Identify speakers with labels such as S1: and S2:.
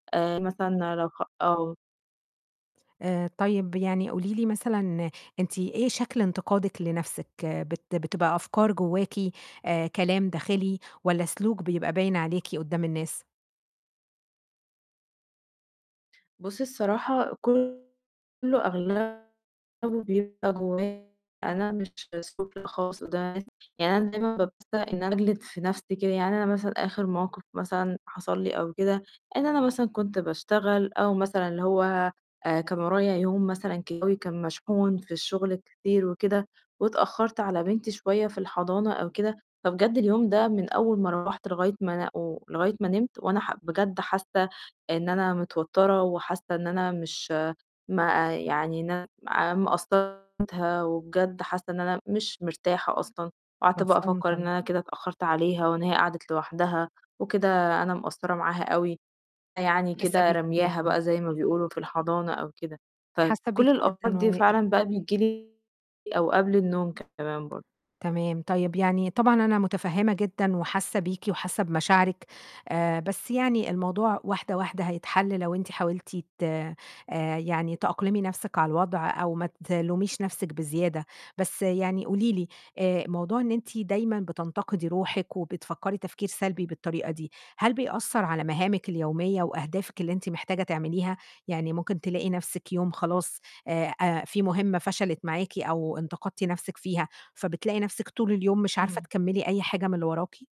S1: آآ، مثلًا لو خ آه.
S2: آآ، طيب يعني قولي لي مثلًا أنتِ إيه شكل انتقادِك لنفسِك؟ بت بتبقى أفكار جواكِ آآ، كلام داخلي، والَّا سلوك بيبقى باين عليكِ قدَّام الناس؟
S1: بُصّي الصراحة كُلّه أغلبُه بيبقى جوايا، أنا مش [unintelligible] خالص قدَّام الناس يعني أنا دايمًا [unintelligible] إن أنا أجلِد في نفسي كده، يعني أنا مثلًا آخر موقف مثلًا حصل لي أو كده إن أنا مثلًا كنت باشتغل أو مثلًا اللي هو آآ، كان ورايا يوم مثلًا جوّي كان مشحون في الشغل كتير وكده، واتأخرت على بنتي شوية في الحضانة أو كده، فبجد اليوم ده، من أول ما روَّحت لغاية ما أنا و لغاية ما نِمت، وأنا ح بجد حاسة إن أنا متوترة، وحاسة إن أنا مش ما آآ، يعني إن أنا آآ، مقصّرة [unintelligible] وبجد حاسة إن أنا مش مرتاحة أصلًا، وقعدت بقى
S2: مفهوم
S1: أفكّر إن
S2: طبعًا.
S1: أنا كده اتأخّرت عليها، وإن هي قعدت لوحدها، وكده أنا مقصّرة معاها أوي، يعني
S2: حاسّه
S1: كده
S2: بيكِ
S1: رامياها
S2: جدًا.
S1: بقى زي ما بيقولوا في الحضانة أو كده،
S2: حاسّه بيكِ
S1: فكُلّ الأفكار
S2: جدًا
S1: دي
S2: و
S1: فعلًا بقى بتيجي لي أو قبل النوم كمان برضه.
S2: تمام، طيب يعني طبعًا أنا متفهّمة جدًا وحاسّه بيكِ وحاسّه بمشاعرِك آآ، بس يعني الموضوع واحدة، واحدة هيتحَلّ لو أنتِ حاولتِ ت آآ، يعني تأقلِمي نَفسِك على الوضع أو ما تلوميش نفسِك بزيادة، بس يعني قولي لي آآ، موضوع إن أنتِ دايمًا بتنتقدي روحِك وبتفكّري تفكير سلبي بالطريقة دي، هل بيأثّر على مهامِك اليومية وأهدافِك اللي أنتِ محتاجة تعمليها؟ يعني ممكن تلاقي نفسِك يوم خلاص آآ، أ في مهمة فشلت معاكِ أو انتقدتِ نفسِك فيها، فبتلاقي نفسِك طول اليوم مش عارفة
S1: امم.
S2: تكمّلي أي حاجة من اللي وراكِ؟